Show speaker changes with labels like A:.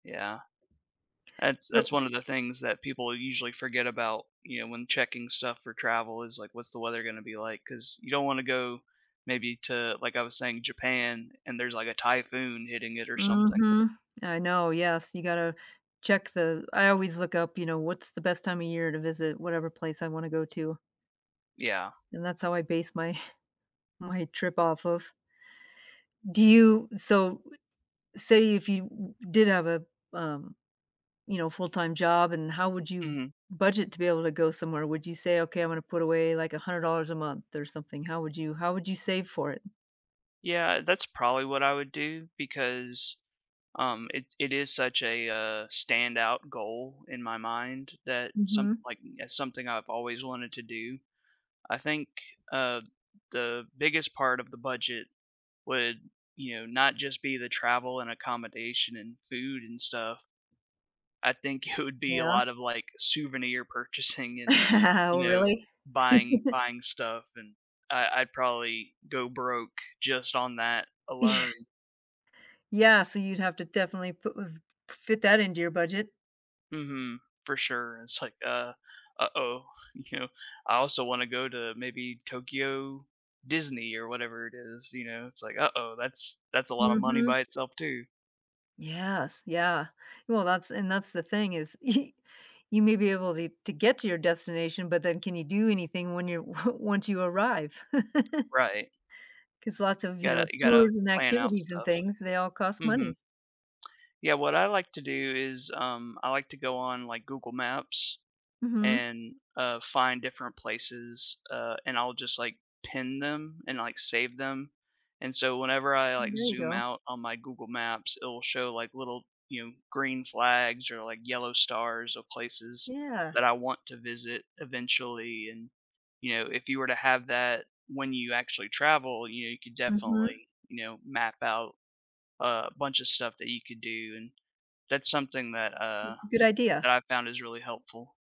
A: Yeah. That's
B: So
A: that's one of the things that people usually forget about, you know, when checking stuff for travel is, like, what's the weather gonna be like, 'cause you don't wanna go maybe to like I was saying, Japan and there's, like, a typhoon hitting it or something.
B: Mhm, I know, yes, you gotta check th I always look up, you know, what's the best time of year to visit whatever place I wanna go to.
A: Yeah.
B: And that's how I base my my trip off of. Do you so, say if you w did have a, um, you know, full-time job, and how would you
A: Mhm.
B: budget to be able to go somewhere? Would you say, "Okay, I'm gonna put away, like, $100 a month or something? How would you how would you save for it?
A: Yeah, that's probably what I would do because, um, it it is such a, uh, standout goal in my mind that some
B: Mhm.
A: like, it's something I've always wanted to do. I think, uh, the biggest part of the budget would, you know, not just be the travel and accommodation and food and stuff, I think it would be a
B: Yeah.
A: lot of, like, souvenir purchasing and,
B: Oh,
A: you know,
B: really?
A: buying buying stuff and I I'd probably go broke just on that
B: Yeah.
A: alone.
B: Yes, and you'd have to definitely put w fit that into your budget.
A: Mhm, for sure, it's like, uh, "Uh-oh," you know, I also wanna go to maybe Tokyo Disney or whatever it is, you know, it's like, "Uh-oh, that's that's a lotta money
B: Mhm.
A: by itself too."
B: Yes, yeah, well, that's and that's the thing is y you may be able to to get to your destination, but then can you do anything when you one once you arrive?
A: Right.
B: 'Cause lots of, you
A: Gotta
B: know,
A: you gotta
B: tourism
A: plan out
B: activities and
A: stuff.
B: things, they all cost
A: Mhm.
B: money.
A: Yeah, what I like to do is, um, I like to go on, like, Google Maps
B: Mhm.
A: and, uh, find different places, uh, and I'll just, like, pin them and, like, save them, and so whenever I, like,
B: There you
A: zoom
B: go.
A: out on my Google Maps, it'll show, like, little, you know, green flags or, like, yellow stars of places
B: Yeah.
A: that I want to visit eventually and, you know, if you were to have that when you actually travel, you know, you could
B: Mhm.
A: definitely you know, map out a bunch of stuff that you could do and that's something that, uh,
B: It's a good idea.
A: that I found is really helpful.